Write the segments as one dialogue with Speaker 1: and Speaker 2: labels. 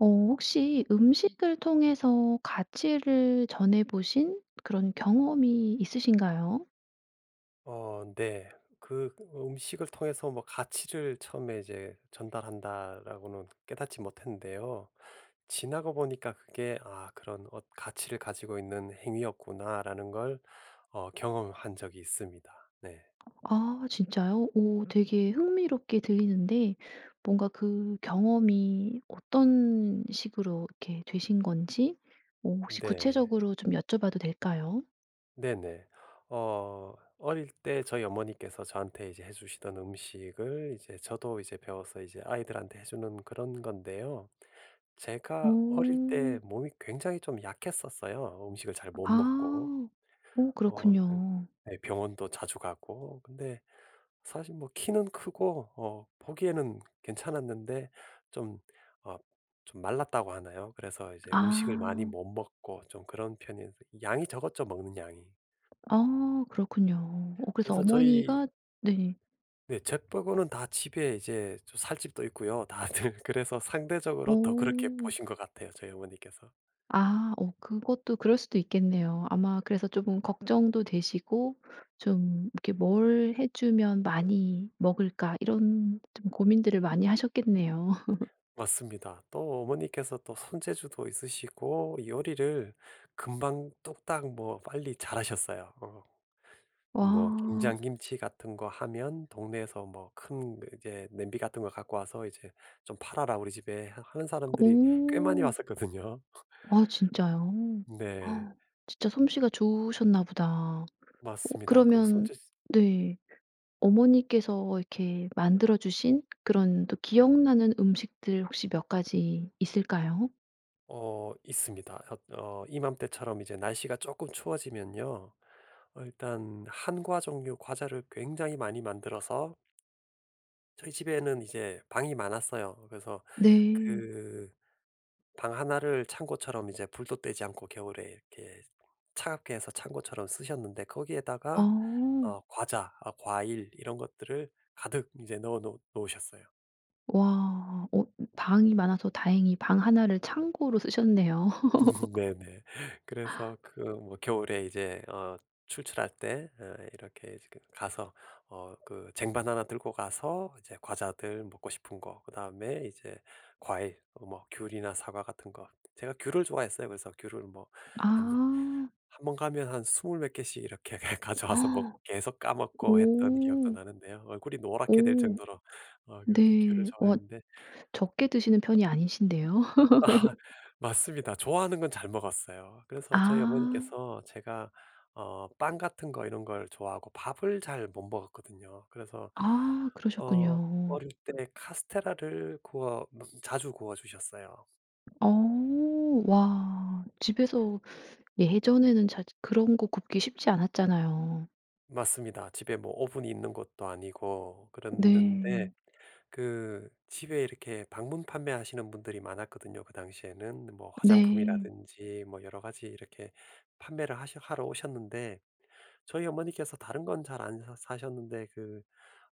Speaker 1: 어 혹시 음식을 통해서 가치를 전해보신 그런 경험이 있으신가요?
Speaker 2: 어 네. 그 '음식을 통해서 뭐 가치를 처음에 이제 전달한다.'라고는 깨닫지 못했는데요. 지나고 보니까 그게 '아 그런 엇 가치를 가지고 있는 행위였구나.'라는 걸 어 경험한 적이 있습니다. 네.
Speaker 1: 아 진짜요? 오 되게 흥미롭게 들리는데 뭔가 그 경험이 어떤 식으로 이렇게 되신 건지 뭐 혹시
Speaker 2: 네.
Speaker 1: 구체적으로 좀 여쭤봐도 될까요?
Speaker 2: 네네. 어 어릴 때 저희 어머니께서 저한테 이제 해주시던 음식을 이제 저도 이제 배워서 이제 아이들한테 해주는 그런 건데요. 제가 어릴 때
Speaker 1: 오.
Speaker 2: 몸이 굉장히 좀 약했었어요. 음식을 잘 못 먹고.
Speaker 1: 아. 어
Speaker 2: 어 그
Speaker 1: 그렇군요.
Speaker 2: 네. 병원도 자주 가고 근데 사실 뭐 키는 크고 어 보기에는 괜찮았는데 좀 어 좀 말랐다고 하나요? 그래서 이제 음식을 많이
Speaker 1: 아.
Speaker 2: 못 먹고 좀 그런 편이었는데 양이 적었죠 먹는 양이.
Speaker 1: 어 그렇군요. 어 그래서
Speaker 2: 그래서 저희
Speaker 1: 어머니가 네.
Speaker 2: 네 저 빼고는 다 집에 이제 저 살 집도 있고요 다들. 그래서 상대적으로 더 그렇게
Speaker 1: 어.
Speaker 2: 보신 것 같아요 저희 어머니께서.
Speaker 1: 아 어 그것도 그럴 수도 있겠네요. 아마 그래서 쪼금 걱정도 되시고 좀 이렇게 '뭘 해 주면 많이 먹을까?' 이런 좀 고민들을 많이 하셨겠네요.
Speaker 2: 맞습니다. 또 어머니께서 또 손재주도 있으시고 요리를 금방 뚝딱 뭐 빨리 잘하셨어요. 어.
Speaker 1: 와.
Speaker 2: 뭐 김장 김치 같은 거 하면 동네에서 뭐 큰 이렇게 냄비 같은 거 갖고 와서 이제 "좀 팔아라 우리 집에." 하 하는 사람들이 꽤 많이
Speaker 1: 오.
Speaker 2: 왔었거든요.
Speaker 1: 아 진짜요?
Speaker 2: 네.
Speaker 1: 진짜 솜씨가 좋으셨나 보다. 어
Speaker 2: 맞습니다. 그
Speaker 1: 그러면
Speaker 2: 손재스
Speaker 1: 네. 어머니께서 이렇게 만들어 주신 그런 또 기억나는 음식들 혹시 몇 가지 있을까요?
Speaker 2: 어 있습니다. 엇 어 이맘때처럼 이제 날씨가 쪼끔 추워지면요 어 일단 한과 종류 과자를 굉장히 많이 만들어서 저희 집에는 이제 방이 많았어요. 그래서
Speaker 1: 네.
Speaker 2: 그 방 1 를 창고처럼 이제 불도 때지 않고 겨울에 이렇게 차갑게 해서 창고처럼 쓰셨는데 거기에다가
Speaker 1: 어.
Speaker 2: 어 과자 어 과일 이런 것들을 가득 이제 넣어 놓 놓으셨어요.
Speaker 1: 와. 어 방이 많아서 다행히 방 1 를 창고로 쓰셨네요.
Speaker 2: 네네. 그래서 그 뭐 겨울에 이제 어 출출할 때 어 이렇게 이제 그 가서 어 그 쟁반 1 들고 가서 이제 과자들 먹고 싶은 거 그다음에 이제 과일 뭐 귤이나 사과 같은 거 제가 귤을 좋아했어요. 그래서 귤을 뭐 한
Speaker 1: 아.
Speaker 2: 1 번 가면 한 20 몇 개씩 이렇게 가져와서 먹 계속 까먹고 했던 기억도
Speaker 1: 오.
Speaker 2: 나는데요. 얼굴이 노랗게 될
Speaker 1: 오.
Speaker 2: 정도로 어 그렇게 귤을
Speaker 1: 네. 와
Speaker 2: 좋아했는데
Speaker 1: 적게 드시는 편이 아니신데요.
Speaker 2: 아 맞습니다. 좋아하는 건 잘 먹었어요. 그래서 저희
Speaker 1: 아.
Speaker 2: 어머니께서 제가 어 빵 같은 거 이런 걸 좋아하고 밥을 잘 못 먹었거든요. 그래서
Speaker 1: 아
Speaker 2: 어
Speaker 1: 그러셨군요.
Speaker 2: 어릴 때 카스텔라를 구워 뭐 자주 구워주셨어요.
Speaker 1: 어. 와. 집에서 예전에는 자주 그런 거 굽기 쉽지 않았잖아요.
Speaker 2: 맞습니다. 집에 뭐 오븐이 있는 것도 아니고 그랬는데
Speaker 1: 네.
Speaker 2: 그 집에 이렇게 방문 판매하시는 분들이 많았거든요 그 당시에는. 뭐
Speaker 1: 네.
Speaker 2: 화장품이라든지 뭐 여러 가지 이렇게 판매를 하셔 하러 오셨는데 저희 어머니께서 다른 건 잘 안 사 사셨는데 그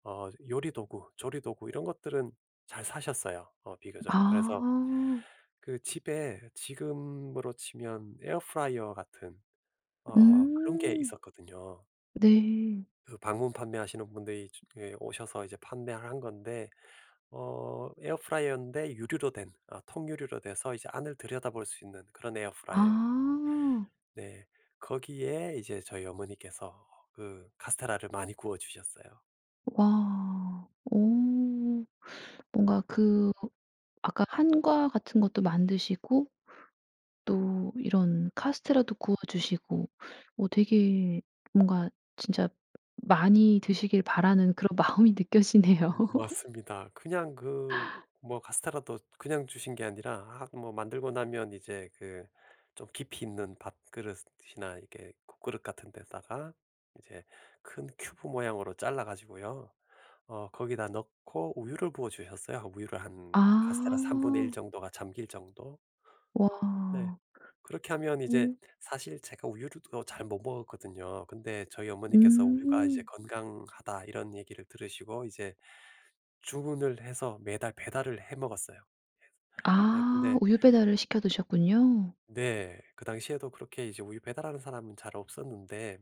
Speaker 2: 어 요리 도구, 조리 도구 이런 것들은 잘 사셨어요 어 비교적. 그래서
Speaker 1: 아.
Speaker 2: 그 집에 지금으로 치면 에어프라이어 같은 어 그런 게
Speaker 1: 음.
Speaker 2: 있었거든요.
Speaker 1: 네.
Speaker 2: 그 방문 판매하시는 분들이 저 그 오셔서 이제 판매를 한 건데 어 에어프라이어인데 유리로 된 어 통유리로 돼서 이제 안을 들여다볼 수 있는 그런 에어프라이어에요.
Speaker 1: 아.
Speaker 2: 네. 거기에 이제 저희 어머니께서 그 카스텔라를 많이 구워주셨어요.
Speaker 1: 와. 어 뭔가 그 아까 한과 같은 것도 만드시고 또 이런 카스텔라도 구워주시고 어 되게 뭔가 진짜 많이 드시길 바라는 그런 마음이 느껴지네요.
Speaker 2: 음 맞습니다. 그냥 그 뭐 카스텔라도 그냥 주신 게 아니라 아 뭐 만들고 나면 이제 그 좀 깊이 있는 밥그릇이나 이렇게 국그릇 같은 데다가 이제 큰 큐브 모양으로 잘라가지고요 어 거기다 넣고 우유를 부어주셨어요. 우유를 한 카스텔라 3 분의 1
Speaker 1: 아.
Speaker 2: 정도가 잠길 정도? 네.
Speaker 1: 와.
Speaker 2: 그렇게 하면 이제
Speaker 1: 오.
Speaker 2: 사실 제가 우유를 또 잘 못 먹었거든요. 근데 저희 어머니께서 "우유가 이제
Speaker 1: 음.
Speaker 2: 건강하다." 이런 얘기를 들으시고 이제 주문을 해서 매달 배달을 해 먹었어요. 네
Speaker 1: 아
Speaker 2: 근데
Speaker 1: 우유 배달을 시켜 드셨군요.
Speaker 2: 네. 그 당시에도 그렇게 이제 우유 배달하는 사람은 잘 없었는데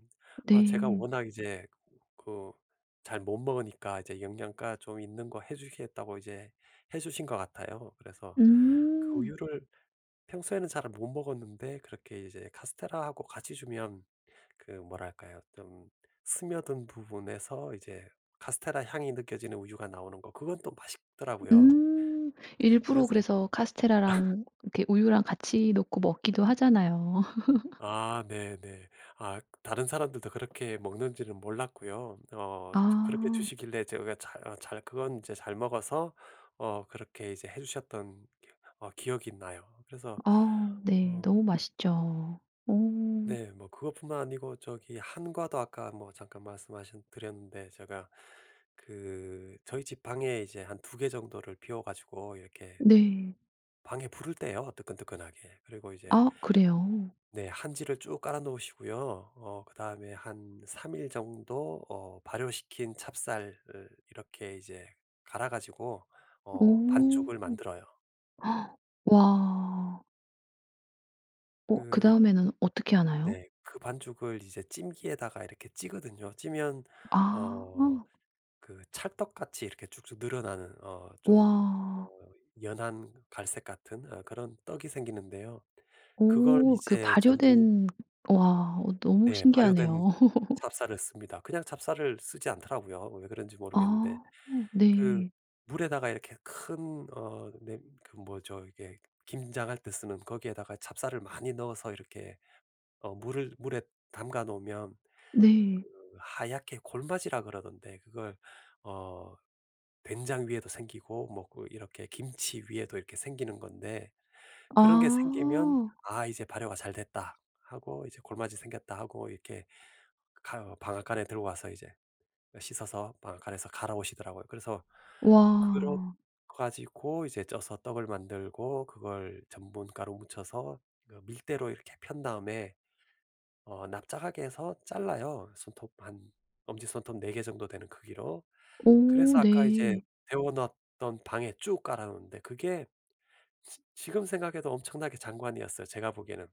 Speaker 2: 아 제가
Speaker 1: 네.
Speaker 2: 워낙 이제 그 잘 못 먹으니까 이제 영양가 좀 있는 거 해주시겠다고 이제 해주신 것 같아요. 그래서 그
Speaker 1: 음.
Speaker 2: 우유를 평소에는 잘 못 먹었는데 그렇게 이제 카스텔라하고 같이 주면 그 뭐랄까요? 좀 스며든 부분에서 이제 카스텔라 향이 느껴지는 우유가 나오는 거 그건 또 맛있더라고요.
Speaker 1: 음. 일부러
Speaker 2: 그래서
Speaker 1: 그래서 카스텔라랑 이렇게 우유랑 같이 놓고 먹기도 하잖아요.
Speaker 2: 아 네네. 아 다른 사람들도 그렇게 먹는지는 몰랐고요 어 저 그렇게
Speaker 1: 아.
Speaker 2: 주시길래 제가 잘 아 잘 그건 이제 잘 먹어서 어 그렇게 이제 해주셨던 어 기억이 나요. 그래서
Speaker 1: 아오. 네.
Speaker 2: 어
Speaker 1: 너무 맛있죠. 오.
Speaker 2: 네. 뭐 그거 뿐만 아니고 저기 한과도 아까 뭐 잠깐 말씀하신 드렸는데 제가 그 저희 집 방에 이제 한 2 개 정도를 비워 가지고 이렇게
Speaker 1: 네.
Speaker 2: 방에 불을 때요 뜨끈뜨끈하게. 그리고 이제
Speaker 1: 아 그래요?
Speaker 2: 네. 한지를 쭉 깔아 놓으시고요 어 그다음에 한 3 일 정도 어 발효시킨 찹쌀을 이렇게 이제 갈아 가지고 어
Speaker 1: 오.
Speaker 2: 반죽을 만들어요.
Speaker 1: 와. 어
Speaker 2: 그
Speaker 1: 그다음에는 어떻게 하나요?
Speaker 2: 네. 그 반죽을 이제 찜기에다가 이렇게 찌거든요. 찌면 어
Speaker 1: 아.
Speaker 2: 그 찰떡같이 이렇게 쭉쭉 늘어나는 어 좀 어
Speaker 1: 와.
Speaker 2: 연한 갈색 같은 어 그런 떡이 생기는데요 그걸
Speaker 1: 오 그
Speaker 2: 이제 전분
Speaker 1: 발효된 와 어 너무
Speaker 2: 네 발효된
Speaker 1: 신기하네요.
Speaker 2: 찹쌀을 씁니다. 그냥 찹쌀을 쓰지 않더라고요 왜 그런지 모르겠는데.
Speaker 1: 아
Speaker 2: 그
Speaker 1: 네.
Speaker 2: 물에다가 이렇게 큰 어 네 그 뭐죠 이게 김장할 때 쓰는 거기에다가 찹쌀을 많이 넣어서 이렇게 어 물을 물에 담가 놓으면
Speaker 1: 네.
Speaker 2: 그 하얗게 골마지라 그러던데 그걸 어 된장 위에도 생기고 뭐 그 이렇게 김치 위에도 이렇게 생기는 건데 그런 게 생기면
Speaker 1: 아.
Speaker 2: '아 이제 발효가 잘 됐다.' 하고 '이제 골마지 생겼다.' 하고 이렇게 가 방앗간에 들고 와서 이제 씻어서 방앗간에서 갈아오시더라고요. 그래서 그러
Speaker 1: 와.
Speaker 2: 가지고 이제 쪄서 떡을 만들고 그걸 전분 가루 묻혀서 그 밀대로 이렇게 편 다음에 어 납작하게 해서 잘라요. 손톱 한 엄지손톱 4 개 정도 되는 크기로.
Speaker 1: 오
Speaker 2: 그래서 아까 이제
Speaker 1: 네.
Speaker 2: 데워 놨던 방에 쭉 깔아 놓는데 그게 지 지금 생각해도 엄청나게 장관이었어요 제가 보기에는.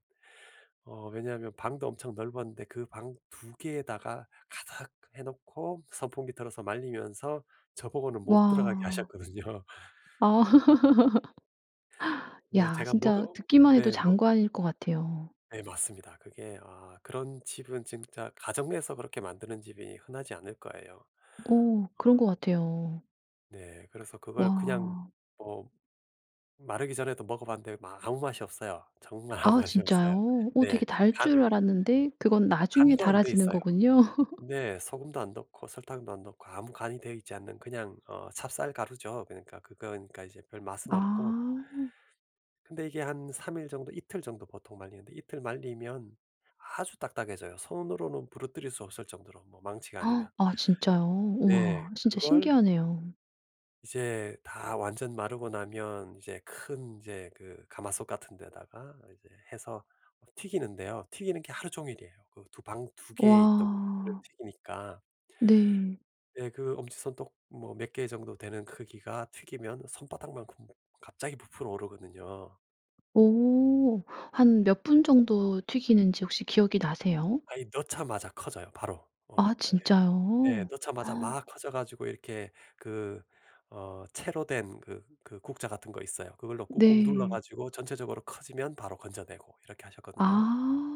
Speaker 2: 어 왜냐하면 방도 엄청 넓었는데 그 방 2 개에다가 가득 해놓고 선풍기 틀어서 말리면서 저 보고는 못 들어가게
Speaker 1: 와.
Speaker 2: 하셨거든요.
Speaker 1: 아.
Speaker 2: 뭐
Speaker 1: 야
Speaker 2: 제가
Speaker 1: 진짜
Speaker 2: 먹어
Speaker 1: 듣기만 해도
Speaker 2: 예 먹
Speaker 1: 장관일 것 같아요.
Speaker 2: 네 맞습니다. 그게 아 그런 집은 진짜 가정 내에서 그렇게 만드는 집이 흔하지 않을 거예요.
Speaker 1: 어 그런
Speaker 2: 어.
Speaker 1: 것 같아요.
Speaker 2: 네 그래서 그걸 그냥
Speaker 1: 와.
Speaker 2: 뭐 마르기 전에도 먹어봤는데 마 아무 맛이 없어요. 정말 아무
Speaker 1: 아
Speaker 2: 맛이 없어요.
Speaker 1: 진짜요? 어
Speaker 2: 네.
Speaker 1: 되게 달
Speaker 2: 간
Speaker 1: 줄 알았는데 그건 나중에
Speaker 2: 간도 안 되어
Speaker 1: 달아지는
Speaker 2: 있어요.
Speaker 1: 거군요.
Speaker 2: 네. 소금도 안 넣고 설탕도 안 넣고 아무 간이 되어 있지 않는 그냥 어 찹쌀 가루죠. 그러니까 그건 그러니까 이제 별 맛은 없고
Speaker 1: 아.
Speaker 2: 근데 이게 한 3 일 정도 이틀 정도 보통 말리는데 이틀 말리면 아주 딱딱해져요. 손으로는 부러뜨릴 수 없을 정도로 뭐 망치가
Speaker 1: 아
Speaker 2: 아니면.
Speaker 1: 진짜요?
Speaker 2: 네.
Speaker 1: 우와 진짜
Speaker 2: 그걸
Speaker 1: 신기하네요.
Speaker 2: 이제 다 완전 마르고 나면 이제 큰 이제 그 가마솥 같은 데다가 이제 해서 튀기는데요. 튀기는 게 하루 종일이에요. 그 두 방 2 개 있던 [unintelligible]
Speaker 1: 와.
Speaker 2: 튀기니까.
Speaker 1: 네.
Speaker 2: 네 그 엄지손톱 뭐 몇 개 정도 되는 크기가 튀기면 손바닥만큼 갑자기 부풀어 오르거든요.
Speaker 1: 오. 한 몇 분 정도 튀기는지 혹시 기억이 나세요?
Speaker 2: 아이 넣자마자 커져요 바로.
Speaker 1: 아
Speaker 2: 에 네. 네
Speaker 1: 진짜요?
Speaker 2: 넣자마자 막 커져 가지고 이렇게 그 어 채로 된 그 그 국자 같은 거 있어요. 그걸로 꾹꾹 눌러
Speaker 1: 네.
Speaker 2: 가지고 전체적으로 커지면 바로 건져내고 이렇게 하셨거든요.
Speaker 1: 아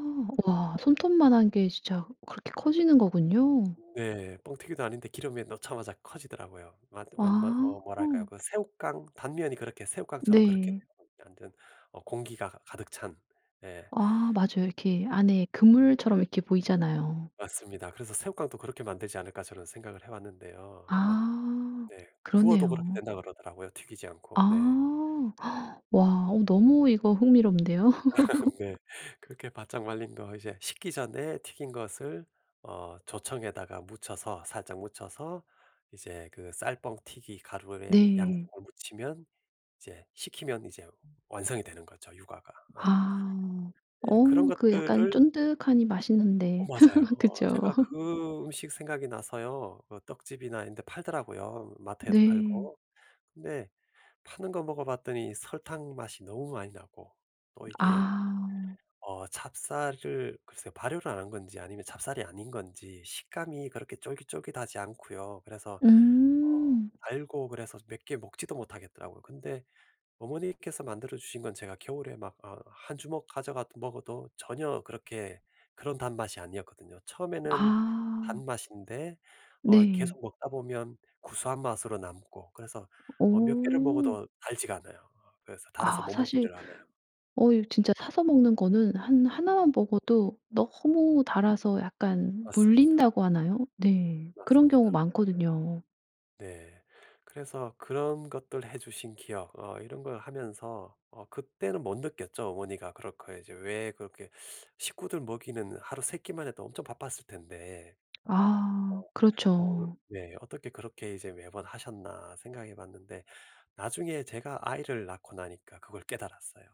Speaker 1: 와 손톱만한 게 진짜 그렇게 커지는 거군요.
Speaker 2: 네 뻥튀기도 아닌데 기름에 넣자마자 커지더라고요. 완 완 뭐
Speaker 1: 아.
Speaker 2: 어 뭐랄까요? 그 새우깡 단면이 그렇게 새우깡처럼 그렇게
Speaker 1: 네.
Speaker 2: [unintelligible] 만든 어 공기가 가득 찬. 예.
Speaker 1: 아 맞아요. 이렇게 안에 그물처럼 이렇게 보이잖아요.
Speaker 2: 맞습니다. 그래서 '새우깡도 그렇게 만들지 않을까?' 저는 생각을 해봤는데요. 뭐
Speaker 1: 아
Speaker 2: 네. 구워도 그렇게
Speaker 1: 그러네요.
Speaker 2: 된다고 그러더라고요 튀기지 않고. 네.
Speaker 1: 아 와 어 너무 이거 흥미로운데요?
Speaker 2: 네. 그렇게 바짝 말린 거 이제 식기 전에 튀긴 것을 어 조청에다가 묻혀서 살짝 묻혀서 이제 그 쌀 뻥튀기 가루에
Speaker 1: 네.
Speaker 2: 양쪽을 묻히면 이제 식히면 이제 완성이 되는 거죠 유과가. 어.
Speaker 1: 아
Speaker 2: 예 그런
Speaker 1: 어 그 약간
Speaker 2: 것들을
Speaker 1: 쫀득하니
Speaker 2: 어
Speaker 1: 맛있는데
Speaker 2: 맞아요. 어
Speaker 1: 그쵸?
Speaker 2: 제가 그 음식 생각이 나서요. 그 떡집이나 이런 데 팔더라고요 마트에도
Speaker 1: 네.
Speaker 2: 팔고. 근데 파는 거 먹어봤더니 설탕 맛이 너무 많이 나고 또 이게
Speaker 1: 아.
Speaker 2: 어 찹쌀을 글쎄요. 발효를 안 한 건지 아니면 찹쌀이 아닌 건지 식감이 그렇게 쫄깃쫄깃하지 않고요. 그래서 어
Speaker 1: 음.
Speaker 2: 달고 그래서 몇 개 먹지도 못하겠더라고요. 근데 어머니께서 만들어 주신 건 제가 겨울에 막 어 1 주먹 가져가 먹어도 전혀 그렇게 그런 단 맛이 아니었거든요. 처음에는
Speaker 1: 아.
Speaker 2: 단맛인데 어
Speaker 1: 네.
Speaker 2: 계속 먹다 보면 구수한 맛으로 남고 그래서 어 몇 개를
Speaker 1: 오.
Speaker 2: 먹어도 달지가 않아요. 그래서 달아서
Speaker 1: 아
Speaker 2: 못
Speaker 1: 사실
Speaker 2: 먹지를 않아요.
Speaker 1: 어 이거 진짜 사서 먹는 거는 한 1 만 먹어도 너무 달아서 약간
Speaker 2: 맞습니다.
Speaker 1: 물린다고 하나요? 네. 그런
Speaker 2: 맞습니다.
Speaker 1: 경우 많거든요.
Speaker 2: 네. 그래서 그런 것들 해 주신 기억 어 이런 걸 하면서 어 그때는 못 느꼈죠. 어머니가 그렇게 이제 왜 그렇게 식구들 먹이는 하루 3 끼만 해도 엄청 바빴을 텐데. 어
Speaker 1: 아
Speaker 2: 어으
Speaker 1: 그렇쵸.
Speaker 2: 네. '어떻게 그렇게 이제 매번 하셨나.' 생각해 봤는데 나중에 제가 아이를 낳고 나니까 그걸 깨달았어요.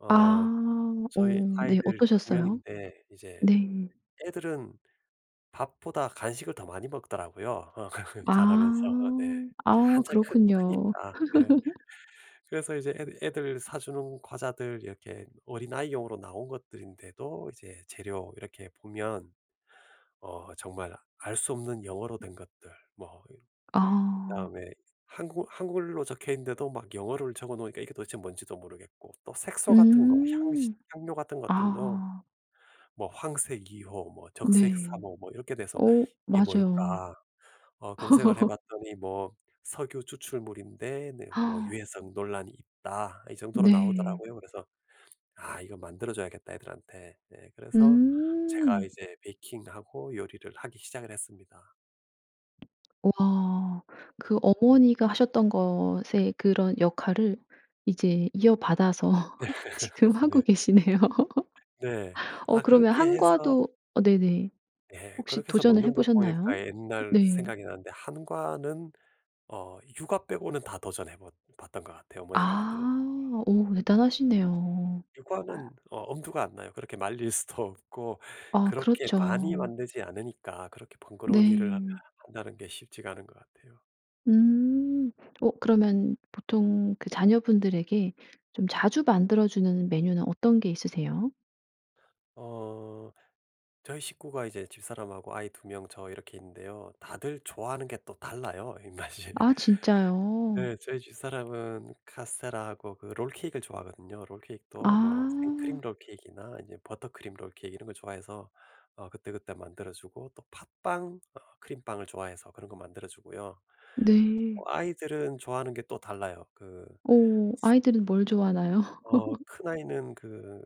Speaker 2: 어
Speaker 1: 아. 어
Speaker 2: 저희
Speaker 1: 네
Speaker 2: 아이들이 2
Speaker 1: 어떠셨어요?
Speaker 2: 명인데 이제
Speaker 1: 네.
Speaker 2: 애들은 밥보다 간식을 더 많이 먹더라고요.
Speaker 1: 아.
Speaker 2: 자라면서 네. 이제
Speaker 1: 아
Speaker 2: 한창 크
Speaker 1: 그렇군요.
Speaker 2: 크니까 네. 그래서 이제 애드 애들 사주는 과자들 이렇게 어린아이용으로 나온 것들인데도 이제 재료 이렇게 보면 어 정말 알 수 없는 영어로 된 것들 뭐 이
Speaker 1: 아.
Speaker 2: 그다음에 한국 한글로 적혀있는데도 막 영어를 적어 놓으니까 이게 도대체 뭔지도 모르겠고 또 색소 같은 거, 향신
Speaker 1: 음.
Speaker 2: 향료 같은 것들도
Speaker 1: 아.
Speaker 2: 뭐 황색 2 호, 뭐 적색 3
Speaker 1: 네.
Speaker 2: 호 뭐 이렇게 돼서
Speaker 1: 오
Speaker 2: '이게
Speaker 1: 맞아요.
Speaker 2: 뭘까?' 어 검색을 해 봤더니 뭐 석유 추출물인데 네 뭐 유해성 논란이 있다. 이 정도로
Speaker 1: 네.
Speaker 2: 나오더라고요. 그래서 '아 이거 만들어 줘야겠다 애들한테.' 네 그래서 제가
Speaker 1: 음.
Speaker 2: 이제 베이킹하고 요리를 하기 시작을 했습니다.
Speaker 1: 와. 그 어머니가 하셨던 것의 그런 역할을 이제 이어받아서 지금 하고
Speaker 2: 네.
Speaker 1: 계시네요.
Speaker 2: 네.
Speaker 1: 어
Speaker 2: 아
Speaker 1: 그러면
Speaker 2: 그렇게 해서
Speaker 1: 한과도 어 네네.
Speaker 2: 예
Speaker 1: 혹시
Speaker 2: 그렇게 해서
Speaker 1: 도전을 해
Speaker 2: 먹는 거
Speaker 1: 보셨나요?
Speaker 2: 보니까 옛날
Speaker 1: 네.
Speaker 2: 생각이 나는데 한과는 어 유과 빼고는 다 도전해 봇 봤던 것 같아요 어머니가
Speaker 1: 아.
Speaker 2: 만든 거.
Speaker 1: 오 대단하시네요.
Speaker 2: 유과는 어 엄두가 안 나요. 그렇게 말릴 수도 없고
Speaker 1: 아
Speaker 2: 그렇게 많이
Speaker 1: 그렇죠.
Speaker 2: 만들지 않으니까 그렇게 번거로운 일을
Speaker 1: 네.
Speaker 2: 한다는 게 쉽지가 않은 것 같아요.
Speaker 1: 음. 어 그러면 보통 그 자녀분들에게 좀 자주 만들어 주는 메뉴는 어떤 게 있으세요?
Speaker 2: 어 저희 식구가 이제 집사람하고 아이 2 명, 저 이렇게 있는데요. 다들 좋아하는 게 또 달라요 입맛이.
Speaker 1: 아 진짜요?
Speaker 2: 네 저희 집사람은 카스텔라하고 그 롤케익을 좋아하거든요. 롤케익도 뭐 생크림
Speaker 1: 아.
Speaker 2: 롤케익이나 아님 버터크림 롤케익 이런 거 좋아해서 어 그때그때 만들어 주고 또 팥빵 어 크림빵을 좋아해서 그런 거 만들어 주고요.
Speaker 1: 네.
Speaker 2: 어 아이들은 좋아하는 게 또 달라요. 그
Speaker 1: 어
Speaker 2: 소
Speaker 1: 아이들은 뭘 좋아하나요?
Speaker 2: 어 큰아이는 그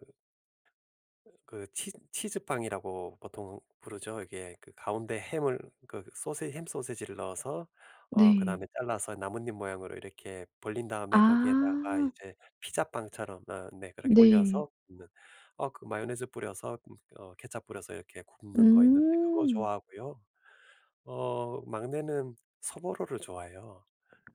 Speaker 2: 그 치 치즈빵이라고 보통 부르죠. 이게 그 가운데 햄을 그 소세 햄 소시지를 넣어서 어
Speaker 1: 네.
Speaker 2: 그다음에 잘라서 나뭇잎 모양으로 이렇게 벌린 다음에 거기에다가
Speaker 1: 아.
Speaker 2: 이제 피자빵처럼 어 네 그렇게
Speaker 1: 네.
Speaker 2: 올려서 굽는 어 그 마요네즈 뿌려서 음 어 케첩 뿌려서 이렇게 굽는 거 있는데 그거
Speaker 1: 음.
Speaker 2: 좋아하고요 어 막내는 소보로를 좋아해요.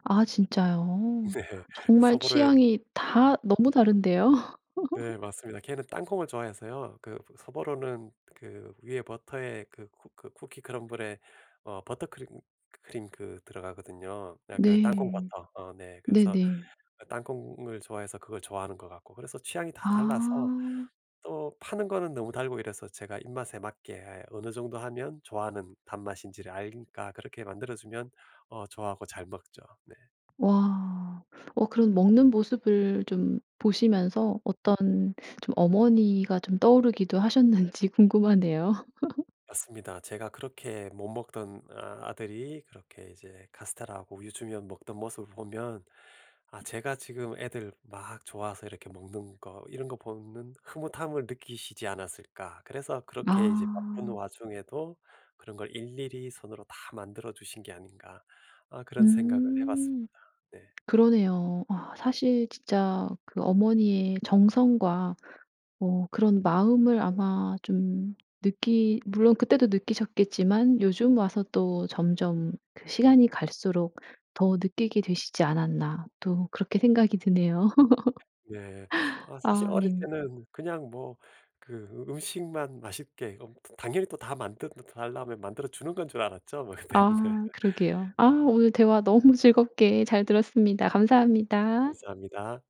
Speaker 1: 아 진짜요?
Speaker 2: 네.
Speaker 1: 정말
Speaker 2: 소보로에
Speaker 1: 취향이 다 너무 다른데요.
Speaker 2: 네 맞습니다. 걔는 땅콩을 좋아해서요 그 소보로는 그 위에 버터에 그 쿠 그 쿠키 크럼블에 어 버터크림 크림 그 들어가거든요. 아 그
Speaker 1: 네.
Speaker 2: 땅콩버터. 어 네. 그래서
Speaker 1: 네네.
Speaker 2: 땅콩을 좋아해서 그걸 좋아하는 것 같고 그래서 취향이 다 달라서
Speaker 1: 아.
Speaker 2: 또 파는 거는 너무 달고 이래서 제가 입맛에 맞게 어느 정도 하면 좋아하는 단맛인지를 아니까 그렇게 만들어주면 어 좋아하고 잘 먹죠. 네.
Speaker 1: 와. 어 그런 먹는 모습을 좀 보시면서 어떤 좀 어머니가 좀 떠오르기도 하셨는지 궁금하네요.
Speaker 2: 맞습니다. 제가 그렇게 못 먹던 어 아들이 그렇게 이제 카스텔라하고 우유 주면 먹던 모습을 보면 '아 제가 지금 애들 막 좋아서 이렇게 먹는 거 이런 거 보면은 흐뭇함을 느끼시지 않았을까?' 그래서 '그렇게 이제 바쁜
Speaker 1: 아.
Speaker 2: 와중에도 그런 걸 일일이 손으로 다 만들어 주신 게 아닌가?' 아 그런 생각을 해 봤습니다.
Speaker 1: 음.
Speaker 2: 네.
Speaker 1: 그러네요. 아 사실 진짜 그 어머니의 정성과 어 그런 마음을 아마 좀 느끼 물론 그때도 느끼셨겠지만 '요즘 와서 또 점점 그 시간이 갈수록 더 느끼게 되시지 않았나.' 또 그렇게 생각이 드네요.
Speaker 2: 네. 어 사실
Speaker 1: 아
Speaker 2: 어릴
Speaker 1: 네.
Speaker 2: 때는 그냥 뭐 그 음식만 맛있게 어 당연히 또 다 "만들어 달라." 하면 만들어 주는 건 줄 알았죠 뭐 그때는. 네.
Speaker 1: 아 그러게요. 아 오늘 대화 너무 즐겁게 잘 들었습니다. 감사합니다.
Speaker 2: 감사합니다.